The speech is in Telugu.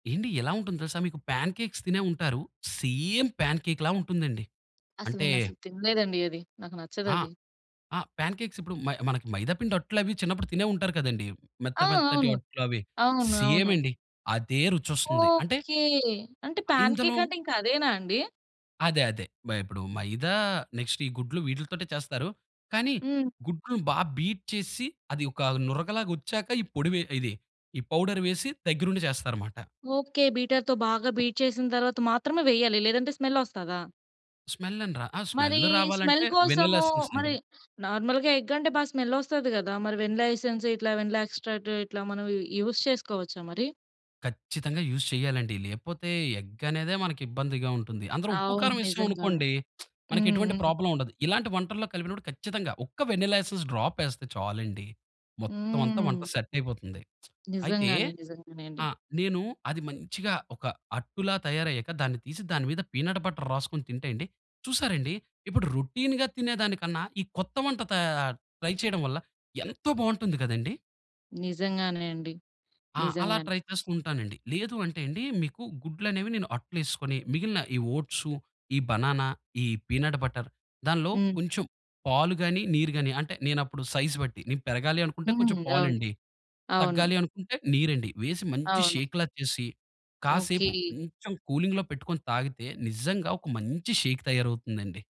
ఏండి ఎలా ఉంటుందో తెలుసా మీకు? పాన్‌కేక్స్ తినే ఉంటారు. సేమ్ పాన్‌కేక్‌లా ఉంటుందండి. అసలు అంటే నేను అసలు తినలేదండి అది. నాకు ఆ! నచ్చదది. ఆ! ప్యాన్‌కేక్స్ ఇప్పుడు మ మనకి మైదాపిండి అట్లవి చిన్నప్పుడు తినే ఉంటారు కదండీ. ఆ! మెత్త మెత్తటి అవును. అట్లవి. అవును, సేమ్ అవును. అండి. అదే రుచొస్తుంది. అంటే ఓకే. అంటే ఆహ్, ప్యాన్‌కేక్ ఇందులో అంటే ఇంక అదేనా అండి? అదే అదే. బై అప్పుడు మైదా నెక్స్టు ఈ గుడ్లు వీట్లీతోటే చేస్తారు. కానీ హ్మ్. గుడ్లు బా బీట్ చేసిసి అది ఒక నురగలాగా వచ్చాక ఈ పొడి ఇది ఈ పౌడర్ వేసి దగ్గరుండి జేస్తారన్నమాట. ఓకే. బీటర్‌తో బాగా బీట్ చేసిన తరువాత మాత్రమే వేయాలి. లేదంటే స్మెల్ వస్తాదా? స్మెల్ అని రా ఆ! స్మెల్ మరి స్మెల్ రావాలంటే వెన్నెలా కోసము ఎసన్స్ మరి అండి. నార్మల్‌గా ఎగ్ అంటే బా స్మెలొస్తది గదా! మరి వెనిలా ఎసెన్స్ ఇట్లా వెనిలా ఎక్స్‌ట్రాక్ట్ ఇట్లా మనం యూజ్ చేసుకోవచ్చా మరి? ఖచ్చితంగా యూజ్ చేయాలండి. లేపోతే ఎగ్గనేదే మనకిబ్బందిగా ఉంటుంది. అందులో ఉప్పు అవును. కారం ఏసాం నిజంగానే. అనుకోండి హ్మ్, మనకెటువంటి హ్మ్. ప్రాబ్లమ్ ఉండదు. ఇలాంటి వంటల్లో కలిపినప్పుడు ఖచ్చితంగా ఒక్క వెనిలా ఎసెస్ డ్రాప్ వేస్తే చాలండి. మొత్తం అంతా వంట హ్మ్. సెటయిపోతుంది. అయితే నిజంగానే, నిజంగానే అండి. ఆ! నేను అది మంచిగా ఒక అట్టులా తయారయ్యాక దాన్ని తీసి దాని మీద పీనట్ బటర్ రాసుకొని తింటే అండి. చూసారండి? ఇప్పుడు రొటీన్‌గా తినేదానికన్నా ఈ కొత్త వంట తయార్ ట్రై చేయడం వల్ల ఎంతో బాగుంటుంది గదండీ! నిజంగానే అండి. ఆ! అలా నిజంగానే. ట్రై చేసుకుంటానండి. లేదు అంటే అండి మీకు గుడ్లనేవి నేను అట్లేసుకొని, మిగిలిన ఈ ఓట్సు ఈ బనానా, ఈ పీనట్ బటర్ దానిలో హ్మ్. కొంచెం పాలు గాని, నీరు గాని అంటే నేనప్పుడు సైజ్ బట్టి. నేను పెరగాలి అనుకుంటే కొంచెం హ్మ్. అవును. పాలండి. అవును. తగ్గాలి అనుకుంటే నీరండి. వేసి మంచి అవును. షేక్‌లా చేసి కాసేపు ఓకే. కొంచెం కూలింగ్‌లో పెట్టుకొని తాగితే నిజంగా ఒక మంచి షేక్ తయారవుతుందండి.